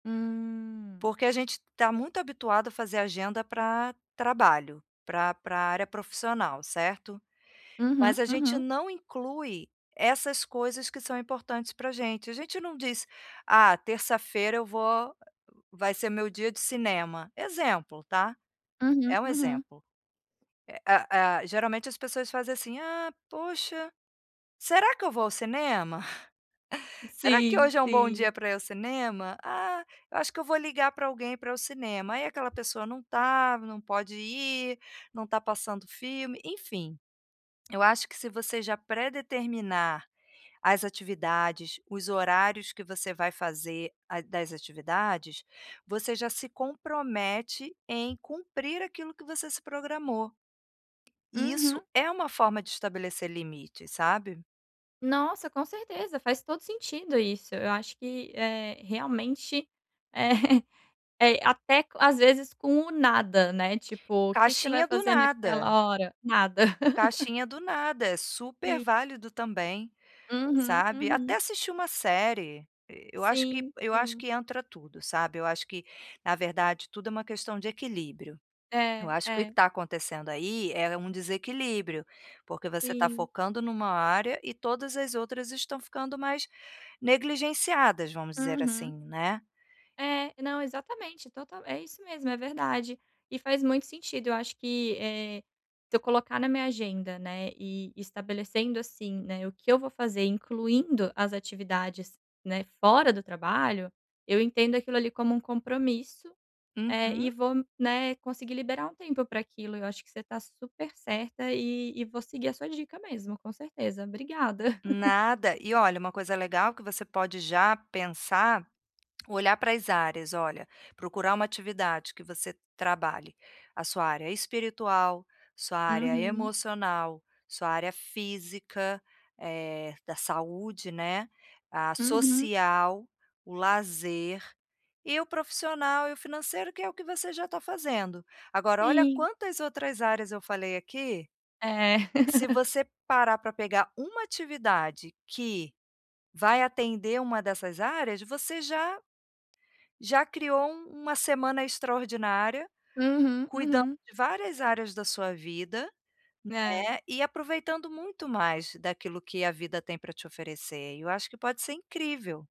Hum. Porque a gente está muito habituado a fazer agenda para trabalho, para para área profissional, certo? Uhum, Mas a gente uhum. não inclui essas coisas que são importantes para gente, a gente não diz: "Ah, terça-feira eu vou há vai ser meu dia de cinema." Exemplo, tá? Uhum, É um uhum. exemplo. Eh, ah, geralmente as pessoas fazem assim: "Ah poxa, será que eu vou ao cinema? Será que Sim, hoje é um bom sim. dia para ir ao cinema? Ah, eu acho que eu vou ligar para alguém para o cinema." Aí aquela pessoa não tá, não pode ir, não tá passando filme, enfim. Eu acho que se você já pré-determinar as atividades, os horários que você vai fazer a das atividades, você já se compromete em cumprir aquilo que você se programou. E Uhum. isso é uma forma de estabelecer limites, sabe? Nossa, com certeza. Faz todo sentido isso. Eu acho que, eh, realmente é é até às vezes com o nada, né, tipo: "O que que você vai Caixinha do fazer nada. naquela hora?" "Nada." Caixinha do nada, é super Sim. válido também, Uhum, sabe, até uhum. assistir uma série, e eu acho que Sim, eu acho sim. que entra tudo, sabe. Eu acho que, na verdade, tudo é uma questão de equilíbrio. Eu É, acho que o que que é. está acontecendo aí é um desequilíbrio, porque você está Sim. focando em uma área e todas as outras estão ficando mais negligenciadas, vamos dizer assim, Uhum. né. É. Não, exatamente, total. É isso mesmo, é verdade e faz muito sentido eu acho que, eh, se eu colocar na minha agenda, né, e estabelecendo, assim, né, o que eu vou fazer incluindo as atividades, né, fora do trabalho, eu entendo aquilo ali como um compromisso, eh, e Uhum. vou, né, conseguir liberar um tempo para aquilo. Eu acho que você está super certa e e vou seguir a sua dica mesmo, com certeza. Obrigada. Nada, e olha, uma coisa legal que você pode já pensar, olhar para as áreas, olha, procurar uma atividade que você trabalhe a sua área espiritual, sua área Uhum. emocional, sua área física, eh, da saúde, né, a Uhum. social, o lazer, e o profissional e o financeiro que é o que você já tá fazendo. Agora, olha Sim. quantas outras áreas eu falei aqui, É. se você parar para pegar uma atividade que vai atender uma dessas áreas, você já já criou um uma semana extraordinária, Uhum, cuidando uhum. de várias áreas da sua vida, É. né, e aproveitando muito mais daquilo que a vida tem para te oferecer, e eu acho que pode ser incrível.